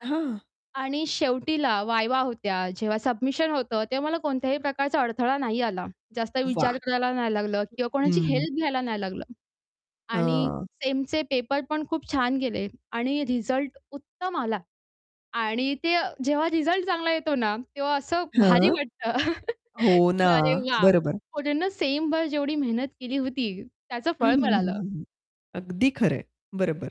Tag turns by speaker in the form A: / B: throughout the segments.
A: हां.
B: आणि शेवटीला वाईवा होत्या, जेव्हा सबमिशन होतं तेव्हा मला कोणत्याही प्रकारचा अडथळा नाही आला. जास्त
A: वाह!
B: विचार करायला नाही लागलं किंवा कोणाची
A: हं.
B: हेल्प घ्यायला नाही लागलं. आणि
A: हां.
B: सेमचे पेपरपण खूप छान गेले आणि रिझल्ट उत्तम आला. आणि ते जेव्हा रिझल्ट चांगला येतो ना, तेव्हा असं भारी
A: हं.
B: वाटतं,
A: हो
B: की
A: ना,
B: "अरे वाह!
A: बरोबर.
B: पूर्ण सेमभर जेवढी मेहनत केली होती, त्याचं
A: हं,
B: फळ
A: हं, हं,
B: मिळालं."
A: हं, हं. अगदी खरं आहे, बरोबर.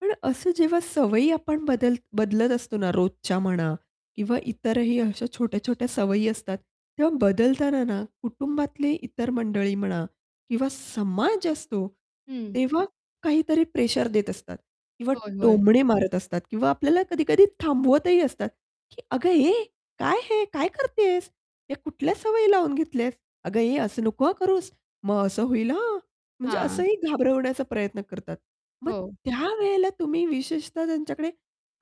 A: पण असं जेव्हा सवयी आपण बदल बदलत असतो ना रोजच्या म्हणा किंवा इतरही अशा छोट्या-छोट्या सवयी असतात. तेव्हा बदलताना ना, कुटुंबातले इतर मंडळी म्हणा किंवा समाज असतो,
B: हं.
A: तेव्हा काहीतरी प्रेशर देत असतात किंवा
B: होय, होय.
A: टोमणे मारत असतात किंवा आपल्याला कधी-कधी थांबवतही असतात. की, "अगं ए काय हे काय करतेस? ते कुठल्या सवयी लावून घेतल्यास. अगं ए असं नको हां करूस, मग असं होईल हां." म्हणजे
B: हां.
A: असंही घाबरवण्याचा प्रयत्न करतात. मग
B: हो.
A: त्यावेळेला तुम्ही विशेषतः त्यांच्याकडे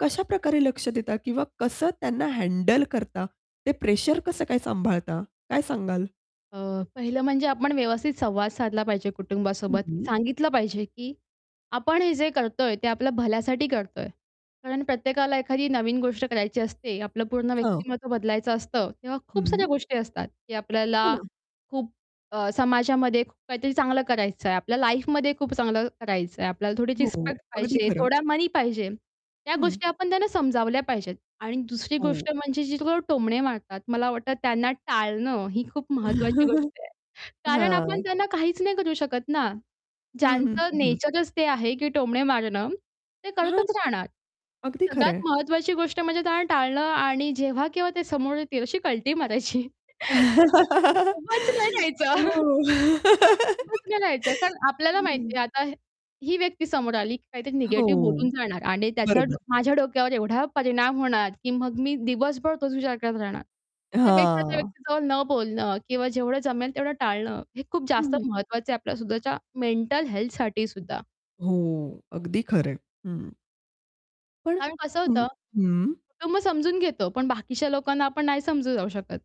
A: कशा प्रकारे लक्ष देता किंवा कसं त्यांना हँडल करता, ते प्रेशर कसं काय सांभाळता काय सांगाल?
B: अ, पहिलं म्हणजे आपण व्यवस्थित संवाद साधला पाहिजे
A: हं,
B: कुटुंबासोबत,
A: हं.
B: सांगितलं पाहिजे, की आपण हे जे करतोय, ते आपल्या भल्यासाठी करतोय. कारण प्रत्येकाला एखादी नवीन गोष्ट करायची असते आपलं पूर्ण
A: [unintelligible]
B: व्यक्तिमत्त्व बदलायचं असतं. तेव्हा खूप साऱ्या
A: हं.
B: गोष्टी असतात, की
A: हो
B: आपल्याला
A: ना.
B: खूप अ, समाजामध्ये खूप काहीतरी चांगलं करायचंय, आपल्या लाईफमध्ये खूप चांगलं करायचंय, आपल्याला थोडीशी
A: हो,
B: रिस्पेक्ट
A: अगदी
B: पाहिजे,
A: खरं.
B: थोडा मनी पाहिजे, त्या
A: हं.
B: गोष्टी आपण त्यांना समजावल्या पाहिजेत. आणि दुसरी
A: हो.
B: गोष्ट म्हणजे जे लोकं टोमणे मारतात, मला वाटतं त्यांना टाळणं, ही खूप महत्त्वाची गोष्ट आहे. कारण आपण
A: हां.
B: त्यांना काहीच नाही करू शकत ना.
A: हं, हं.
B: ज्यांचं
A: हं, हं.
B: नेचरच ते आहे, की टोमणे मारणं, ते
A: हां.
B: करतच राहणार.
A: अगदी
B: सगळ्यात
A: खरंय.
B: महत्त्वाची गोष्ट म्हणजे त्यांना टाळणं आणि जेव्हा केव्हा ते समोर येतील अशी कल्टी मारायची. उभच नाही
A: हो.
B: जायचं. उभंच नाही राहायचं कारण आपल्याला
A: हं.
B: माहिती आता हे ही व्यक्ती समोर आली, की काहीतरी
A: हो,
B: निगेटिव्ह बोलून जाणार आणि त्याचा डो
A: बरोबर.
B: माझ्या डोक्यावर एवढा परिणाम होणार, की मग मी दिवसभर तोच विचार करत राहणार. त्यापेक्षा त्या
A: हां.
B: व्यक्तीजवळ न बोलणं किंवा जेवढं जमेल तेवढं टाळणं, हे खूप जास्त
A: हं.
B: महत्त्वाचं आहे आपल्या सुद्धाच्या मेंटल हेल्थ साठीसुद्धा.
A: हो, अगदी खरंय. हं. पण
B: कारण कसं
A: हं,
B: होतं,
A: हं.
B: कुटुंब समजून घेतो, पण बाकीच्या लोकांना आपण नाही समजून जाऊ शकत.